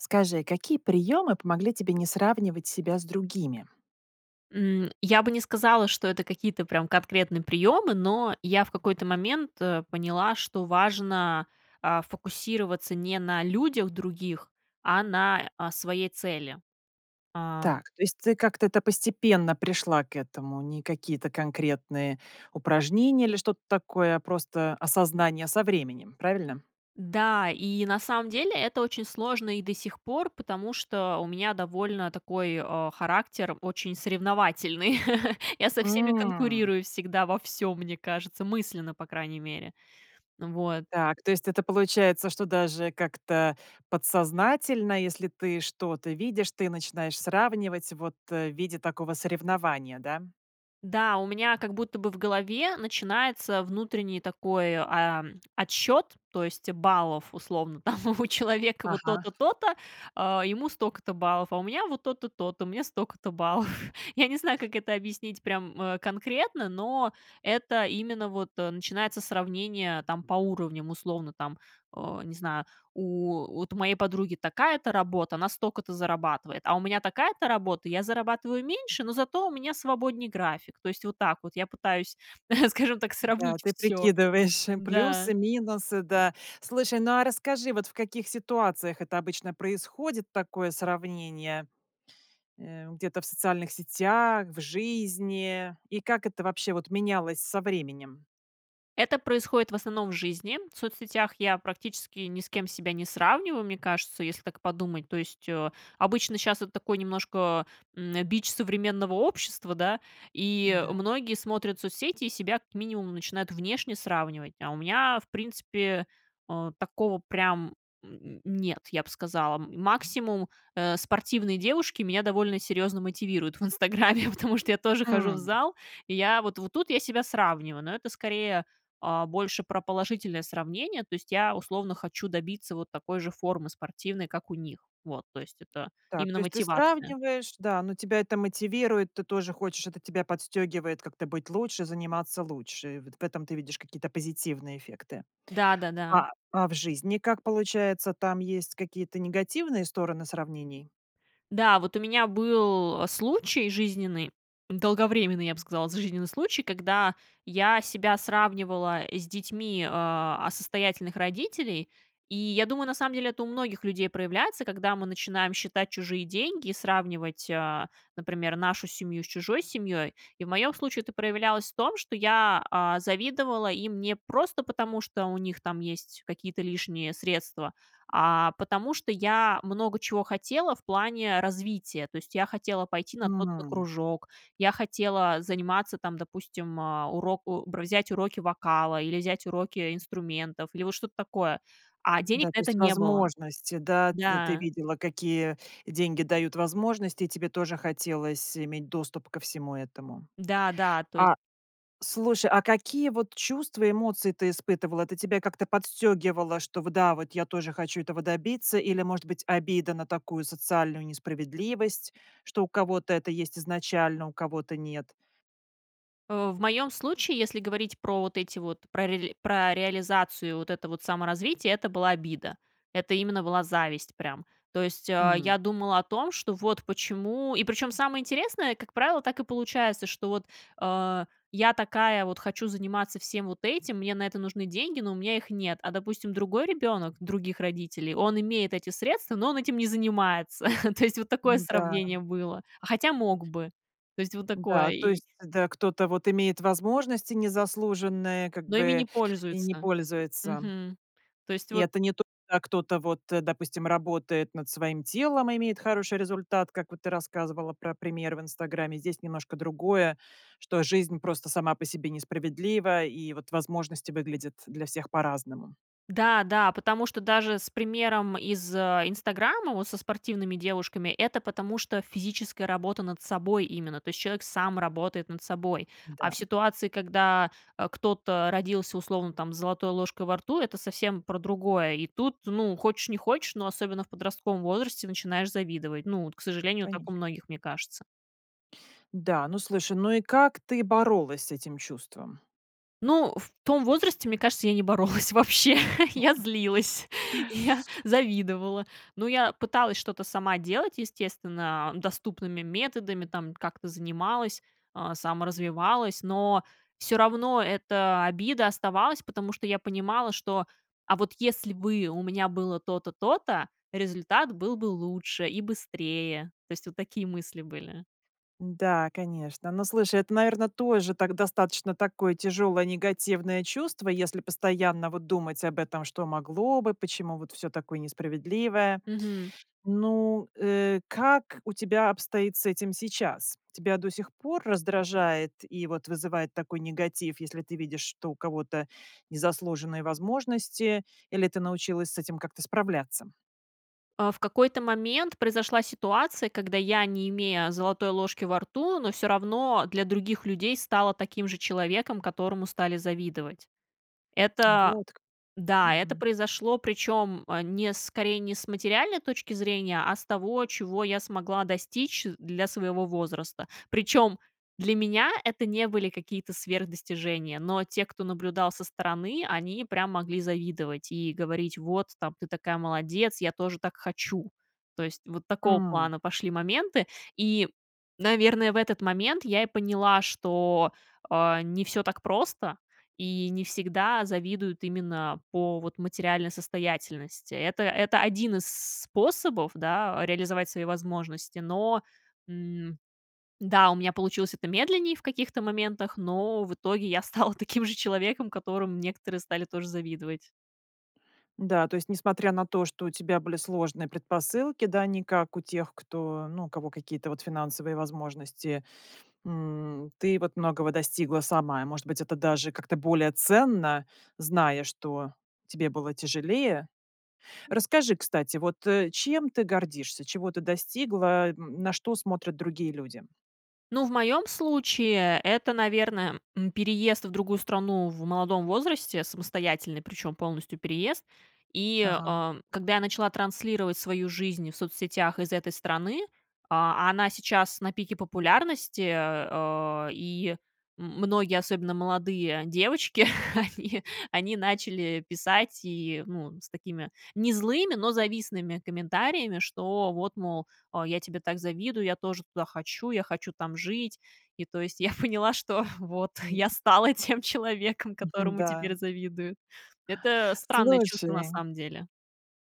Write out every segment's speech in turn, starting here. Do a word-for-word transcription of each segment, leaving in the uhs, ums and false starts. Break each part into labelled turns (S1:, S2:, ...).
S1: Скажи, какие приемы помогли тебе не сравнивать себя с другими?
S2: М, я бы не сказала, что это какие-то, прям, конкретные приемы. Но, я в какой-то момент, э, поняла, что важно, а, фокусироваться не на людях других, а на, а, своей цели. А
S1: Так, то есть ты как-то это постепенно пришла к этому, не какие-то конкретные упражнения или что-то такое, а просто осознание со временем, правильно?
S2: Да, и на самом деле, это очень сложно и до сих пор, потому что у меня довольно такой, а, характер очень соревновательный. Я со всеми
S1: М.
S2: конкурирую всегда во всём, мне кажется, мысленно, по крайней мере. Вот.
S1: Так, то есть это получается, что даже как-то подсознательно, если ты что-то видишь, ты начинаешь сравнивать, вот, э, в виде такого соревнования, да?
S2: Да, у меня, как будто бы, в голове начинается внутренний такой, а, отсчет, то есть, баллов, условно, там, у человека вот
S1: Ага.
S2: то-то, то-то, а, ему столько-то баллов. А у меня, вот, то-то, то-то, у меня столько-то баллов. Я не знаю, как это объяснить, прям, э, конкретно. Но, это именно вот, э, начинается сравнение, там, по уровням, условно, там, э, не знаю. У вот, у моей подруги такая-то работа, она столько-то зарабатывает, а у меня такая-то работа, я зарабатываю меньше, но зато у меня свободней график. То есть, вот так вот, я пытаюсь, скажем так,
S1: Да,
S2: сравнить
S1: ты
S2: всё.
S1: прикидываешь
S2: Да.
S1: плюсы, минусы, да. Слушай, ну, а расскажи, вот, в каких ситуациях это обычно происходит такое сравнение, э, где-то в социальных сетях, в жизни и как это вобще, вот, менялось со временем?
S2: Это происходит в основном в жизни. В соцсетях я практически ни с кем себя не сравниваю, мне кажется, если так подумать То есть, о, обычно щас, это такой немножко, м, бич современного общества, да. И
S1: Да.
S2: многие смотрят соцсети, и себя, как минимум, начинают внешне сравнивать. А у меня, в принципе, о, такого прям, м, нет, я б сказала. Максимум, э, спортивные девушки меня довольно серьезно мотивируют в "Инстаграме", потому что я тоже хожу в
S1: М.
S2: зал. И я, вот вот тут я себя сравниваю, но это, скорее, а, больше про положительное сравнение, то есть я, условно, хочу добиться вот такой же формы спортивной, как у них. Вот, то есть это
S1: Так,
S2: именно
S1: то есть ты
S2: мотивация.
S1: сравниваешь, да, но тебя это мотивирует. Ты тоже хочешь, это тебя подстегивает как-то быть лучше, заниматься лучше. Вот в этом ты видишь какие-то позитивные эффекты.
S2: Да-да-да!
S1: А, а в жизни как получается, там есть какие-то негативные стороны сравнений?
S2: Да, вот у меня был случай жизненный, долговременный, я б сказала, с жизненный случай, когда я себя сравнивала с детьми, а, а, состоятельных родителей. И я думаю, на самом деле, это у многих людей проявляется, когда мы начинаем считать чужие деньги, сравнивать, о, например, нашу семью с чужой семьей. И в моем случае это проявлялось в том, что я, а, завидовала им не просто потому, что у них там есть какие-то лишние средства. А потому, что я много чего хотела в плане развития. То есть я хотела пойти на тот-то
S1: М.
S2: кружок. Я хотела заниматься там, допустим, о, уроку бр взять уроки вокала или взять уроки инструментов. Или вот что-то такое. А
S1: Да,
S2: денег
S1: то
S2: на это
S1: есть
S2: не было.
S1: возможности, да. Т ты
S2: Да.
S1: видела какие деньги дают возможности, и тебе тоже хотелось иметь доступ ко всему этому.
S2: Да-да. То есть
S1: А слушай, а какие вот чувства, эмоции ты испытывала? Это тебя как-то подстёгивало, что в да, вот я тоже хочу этого добиться? Или, может быть, обида на такую социальную несправедливость, что у кого-то это есть изначально, у кого-то нет?
S2: О, в
S1: М.
S2: моем случае, если говорить про вот эти вот, про рели про реализацию вот это вот саморазвития, это была обида. Это именно была зависть прям. То есть, а,
S1: Мгм.
S2: я думала о том, что вот почему и причем самое интересное, как правило, так и получается, что вот, а, я такая вот хочу заниматься всем вот этим, мне на это нужны деньги, но у меня их нет. А, допустим, другой ребенок других родителей, он имеет эти средства, но он этим не занимается, то есть вот такое
S1: М-да.
S2: сравнение было, а хотя мог бы. То есть вот
S1: Да,
S2: такое
S1: то
S2: и
S1: есть зд кто-то вот имеет возможности незаслуженные, как
S2: Но ими не
S1: бы, и не
S2: пользуется.
S1: пользуется.
S2: Мгм. То есть
S1: И
S2: вот
S1: это не то, а кто-то вот, э, допустим, работает над своим телом и имеет хороший результат, как вот ты рассказывала про пример в "Инстаграме", здесь немножко другое, что жизнь просто сама по себе несправедлива, и вот возможности выглядят для всех по-разному.
S2: Да, да, потому что даже с примером из, а, "Инстаграма", вот, со спортивными девушками, это потому что физическая работа над собой именно, то есть человек сам работает над собой, а
S1: Да.
S2: в ситуации, когда, а, кто-то родился, условно, там, с золотой ложкой во рту, это совсем про другое, и тут, ну, хочешь, не хочешь, но особенно в подростковом возрасте начинаешь завидовать, ну вот, к сожалению, так
S1: Конечно.
S2: у многих, мне кажется.
S1: Да, ну слушай, ну, и как ты боролась с этим чувством?
S2: Ну, в том возрасте, мне кажется, я не боролась вообще, я
S1: [unintelligible]
S2: злилась, я завидовала, ну, я пыталась что-то сама делать, естественно, а, доступными методами, там, как-то занималась, а, саморазвивалась, но всё равно эта обида оставалась, потому что я понимала, что, а вот если бы у меня было то-то, то-то, результат был бы лучше и быстрее. То есть, вот такие мысли были.
S1: Да, конечно. Ну, слушай, это, наверно, тоже так достаточно такое тяжелое, негативное чувство, если постоянно вот думать об этом: что могло бы, почему вот всё такое несправедливое.
S2: Мгм.
S1: Ну, э, как у тебя обстоит с этим сейчас? Тебя до сих пор раздражает и вот вызывает такой негатив, если ты видишь, что у кого-то незаслуженные возможности, или ты научилась с этим как-то справляться?
S2: А, в какой-то момент произошла ситуация, когда я, не имея золотой ложки во рту, но всё равно для других людей стала таким же человеком, которому стали завидовать. Это
S1: Вот как.
S2: Да, это
S1: Мгм.
S2: произошло, причем, э, не скорее не с материальной точки зрения, а с того, чего я смогла достичь для своего возраста. Причем для меня это не были какие-то сверх достижения, но те, кто наблюдал со стороны, они прям могли завидовать и говорить: "Вот, там, ты такая молодец, я тоже так хочу", то есть, вот такого
S1: М.
S2: плана пошли моменты. И, наверное, в этот момент я и поняла, что, а, не всё так просто, и не всегда завидуют именно по, вот, материальной состоятельности. Это это один из с способов, да, реализовать свои возможности. Но, м, да, у меня получилось это медленнее в каких-то моментах, но в итоге я стала таким же человеком, которому некоторые стали тоже завидовать.
S1: Да, то есть несмотря на то, что у тебя были сложные предпосылки, да, не как у тех, кто, ну, у кого какие-то вот финансовые возможности, м, ты вот многого достигла сама. Может быть, это даже как-то более ценно, зная, что тебе было тяжелее. Расскажи, кстати, вот, э, чем ты гордишься, чего ты достигла, н на что смотрят другие люди?
S2: Ну, в моем случае, это, наверно, м, переезд в другую страну в молодом возрасте, самостоятельный, причем полностью переезд. И,
S1: Ага.
S2: а, когда я начала транслировать свою жизнь в соцсетях из этой страны. А, а она сейчас на пике популярности, э. И м многие, особенно молодые девочки, они они начали писать, и, ну, с такими не злыми, но завистными комментариями: "Что вот, мол, а, я тебе так завидую, я тоже туда хочу, я хочу там жить". И, то есть, я поняла, что, вот, я стала тем человеком,
S1: Мгм,
S2: которому
S1: да.
S2: теперь завидуют. Это странное чувство, на
S1: Слушай
S2: самом деле.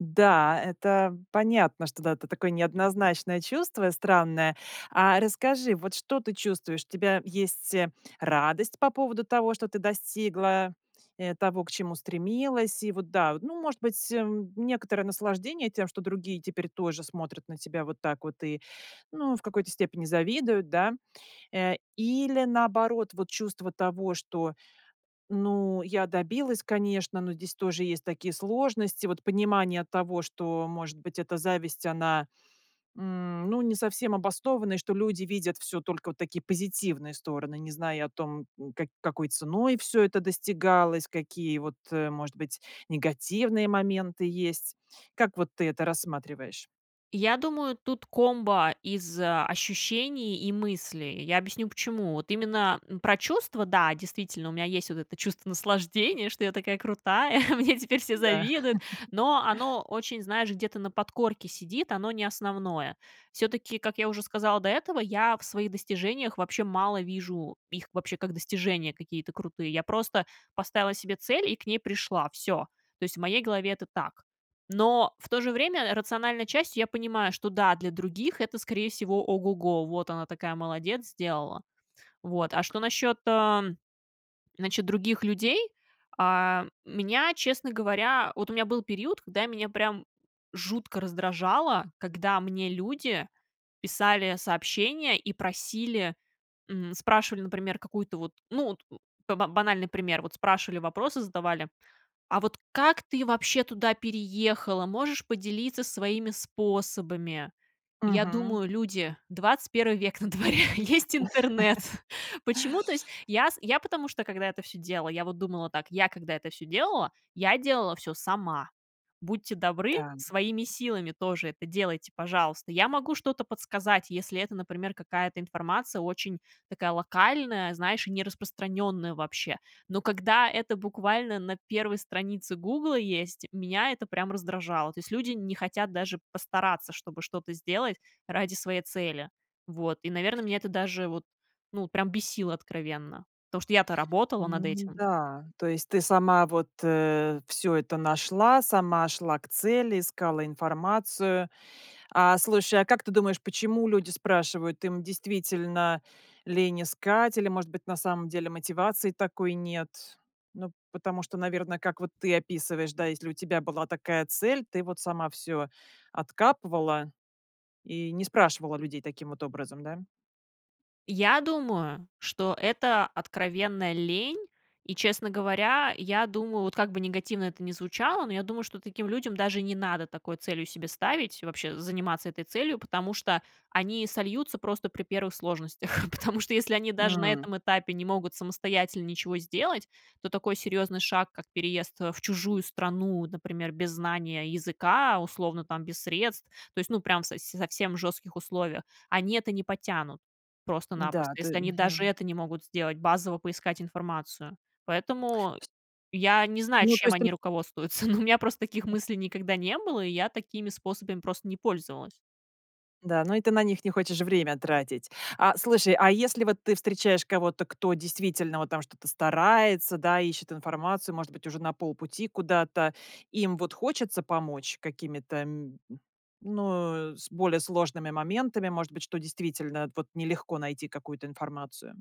S1: Да, это понятно, что, да, это такое неоднозначное чувство, странное. А расскажи, вот, что ты чувствуешь? У тебя есть, э, радость по поводу того, что ты достигла, э, того, к чему стремилась? И, вот да, ну, может быть, м, некоторое наслаждение тем, что другие теперь тоже смотрят на тебя вот так вот и, ну, в какой-то степени завидуют, да. Э, или, наоборот, вот, чувство того, что, ну, я добилась, конечно, но здесь тоже есть такие сложности, вот, понимание того, что, может быть, это зависть, она, м, ну, не совсем обоснована. И что люди видят всё только, вот, такие позитивные стороны, не зная о том, м, как какой ценой все это достигалось, какие, вот, э, может быть, негативные моменты есть. Как, вот, ты это рассматриваешь?
S2: Я думаю, тут комбо из ощущений и мыслей, и я объясню почему. Вот именно, м, про чувства- да, действительно, у меня есть вот это чувство наслаждения, что я такая крутая, мне теперь все
S1: Да.
S2: завидуют. Но оно очень, знаешь, где-то на подкорке сидит, оно не основное. Всё-таки, как я уже сказала до этого, я в своих достижениях вообще мало вижу их вообще как достижения какие-то крутые. Я просто поставила себе цель и к ней пришла, всё. То есть в моей голове это так. Но в то же время рациональной частью я понимаю, что, да, для других это, скорее всего, ого-го, "вот она такая молодец, сделала". Вот. А что насчет, а, значит, других людей. А, меня, честно говоря вот у меня был период, когда меня прям жутко раздражало, когда мне люди писали сообщения, и просили, м, спрашивали, например, какую-то вот, ну вот у ба банальный пример, вот спрашивали, вопросы задавали: "А вот как ты вообще туда переехала? Можешь поделиться своими способами?". Я
S1: Мгм.
S2: думаю: люди, двадцать первый век на дворе, есть интернет. Почему, то есть, я с Я, потому что, когда это всё делала, я вот думала так: я когда это всё делала, я делала всё сама. Будьте добры,
S1: Да.
S2: своими силами тоже это делайте, пожалуйста. Я могу что-то подсказать, если это, например, какая-то информация очень такая локальная, знаешь, и не распространенная вообще. Но когда это буквально на первой странице "Гугла" есть, меня это прям раздражало. То есть люди не хотят даже постараться, чтобы что-то сделать ради своей цели. Вот, и, наверно, меня это даже вот, ну прям бесило откровенно, потому, что я-то работала над этим.
S1: Н-да, то есть ты сама вот, э, всё это нашла, сама шла к цели, искала информацию. А слушай, а как ты думаешь, почему люди спрашивают? Им действительно лень искать или, может быть, на самом деле мотивации такой нет? Ну, потому что, наверно, как вот ты описываешь, да, если у тебя была такая цель, ты вот сама всё откапывала, и не спрашивала людей таким вот образом, да?
S2: Я думаю, что это откровенная лень. И, честно говоря, я думаю, вот как бы негативно это ни звучало, но я думаю, что таким людям даже не надо такой целью себе ставить, вообще заниматься этой целью, потому что они сольются просто при первых сложностях. Потому что, если они даже на
S1: М.
S2: этом этапе не могут самостоятельно ничего сделать, то такой серьёзный шаг, как переезд, э, в чужую страну, например, без знания языка, условно, там без средств, то есть, ну, прям со совсем в жёстких условиях, они это не потянут просто-напросто.
S1: Да, ты
S2: Если они даже
S1: Мгм.
S2: это не могут сделать, базово поискать информацию. Поэтому
S1: С
S2: я не знаю,
S1: Ну, то
S2: чем
S1: есть ты н
S2: они руководствуются. Но у мя просто таких мыслей никогда не было, и я такими способами просто не пользовалась.
S1: Да, ну и ты на них не хочешь время тратить. А, слушай, а если вот ты встречаешь кого-то, кто действительно вот там что-то старается, да, ищет информацию, может быть, уже на полпути куда-то, им вот хочется помочь какими-то, м, ну с более сложными моментами, может быть, что действительно вот нелегко найти какую-то информацию?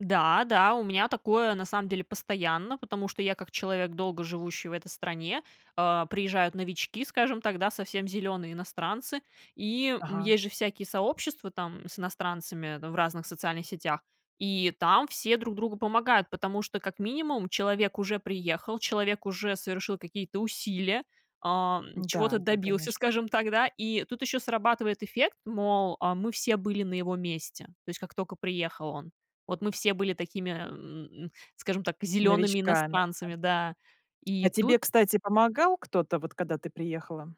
S2: Да, да, у меня такое, на самом деле, постоянно. Потому что я как человек, долго живущий в этой стране, а, приезжают новички, скажем так, да, совсем зелёные иностранцы, и, м,
S1: Ага.
S2: есть же всякие сообщества там с иностранцами в разных социальных сетях, и там все друг другу помогают, потому что, как минимум, человек уже приехал, человек уже совершил какие-то усилия, а, м,
S1: Да,
S2: чего-то
S1: да,
S2: добился,
S1: конечно.
S2: скажем так, да. И тут еще срабатывает эффект, мол, а, мы все были на его месте. То есть как тока приехал он. Вот мы все были такими, эм, скажем так, зелёными
S1: Новичками, да.
S2: иностранцами, да.
S1: А
S2: И
S1: тебе,
S2: тут
S1: кстати, помогал кто-то, вот когда ты приехала?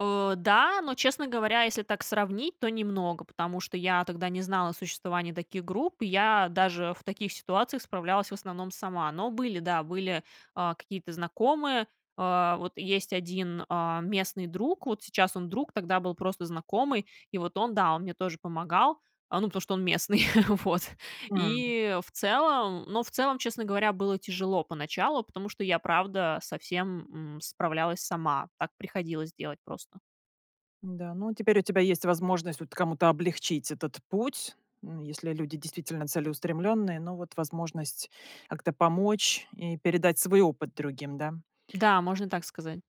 S2: Э, да, но, честно говоря, если так сравнить, то немного, потому что я тогда не знала о существовании таких групп, я даже в таких ситуациях справлялась, в основном, сама. Но были, да, были, а, какие-то знакомые. А, вот есть один, а, местный друг, вот сейчас он друг, тогда был просто знакомый, и вот он, да, он мне тоже помогал, ну потому что он местный. Вот.
S1: М.
S2: И, в целом Ну, в целом, честно говоря, было тяжело поначалу, потому что я, правда, со всем, м, справлялась сама. Так приходилось делать просто.
S1: Н-да, ну, теперь у тебя есть возможность вот кому-то облегчить этот путь. Ну, если люди действительно целеустремленные, но вот возможность как-то помочь и передать свой опыт другим, да.
S2: Да, можно так сказать.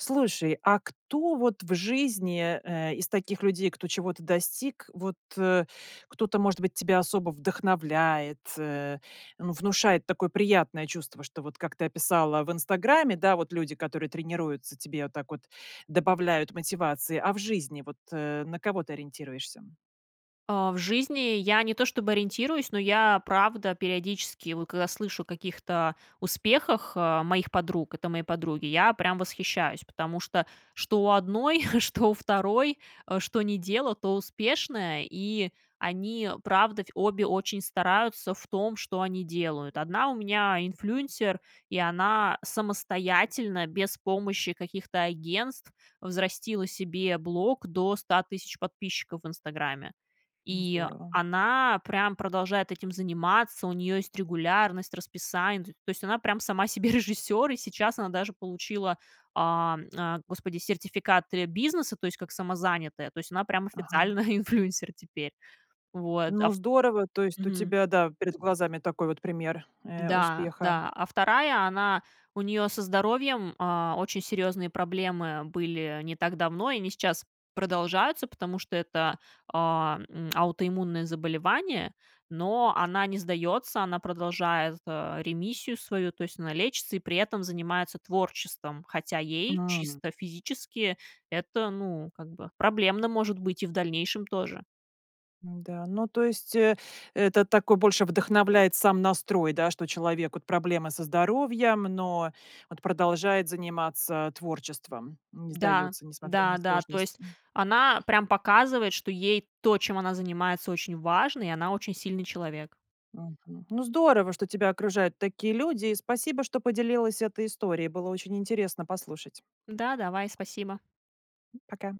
S1: Слушай, а кто вот в жизни, э, из таких людей, кто чего-то достиг, вот, э, кто-то, может быть, тебя особо вдохновляет? Э, ну, внушает такое приятное чувство, что вот, как ты описала в "Инстаграме", да, вот люди, которые тренируются, тебе вот так вот добавляют мотивации, а в жизни вот, э, на кого ты ориентируешься?
S2: А, в жизни я не то чтобы ориентируюсь, но я правда периодически, вот когда слышу о каких-то успехах, а, моих подруг. Это мои подруги, я прям восхищаюсь. Потому что, что у одной, что у второй, а, что не дело, то успешное, и они правда, фь обе очень стараются в том, что они делают. Одна у меня инфлюенсер, и она самостоятельно, без помощи каких-то агентств, взрастила себе блог до ста тысяч подписчиков в "Инстаграме",
S1: Ну
S2: и
S1: здорово.
S2: она прям продолжает этим заниматься. У нее есть регулярность, расписание, т то есть, она прям сама себе режиссер, и сейчас она даже получила, а, а, Господи, сертификаты бизнеса, то есть, как самозанятая, то есть, она прям
S1: Ага.
S2: официально инфлюенсер теперь. Вот, а
S1: Ну,
S2: вт
S1: здорово! То есть у
S2: Мгм.
S1: тебя, да, перед глазами такой вот пример, э,
S2: Да,
S1: успеха.
S2: да, а вторая, она, у нее со здоровьем, а, очень серьезные проблемы были не так давно, и они сейчас продолжаются, потому что это, а, м, аутоиммунное заболевание. Но она не сдается, она продолжает, а, ремиссию свою. То есть она лечится и при этом занимается творчеством. Хотя ей
S1: М.
S2: чисто физически это, ну, как бы, проблемно может быть и в дальнейшем тоже.
S1: Да, ну, то есть, э это такой больше вдохновляет сам настрой, да, что человек вот проблемы со здоровьем, но вот продолжает заниматься творчеством. Не
S2: Да,
S1: сдается, несмотря на
S2: да-да, то есть
S1: сложности.
S2: она прям показывает, что ей то, чем она занимается, очень важно, и она очень сильный человек.
S1: Мгм. Ну, здорово, что тебя окружают такие люди. И спасибо, что поделилась этой историей. Было очень интересно послушать.
S2: Да, давай, спасибо.
S1: Пока.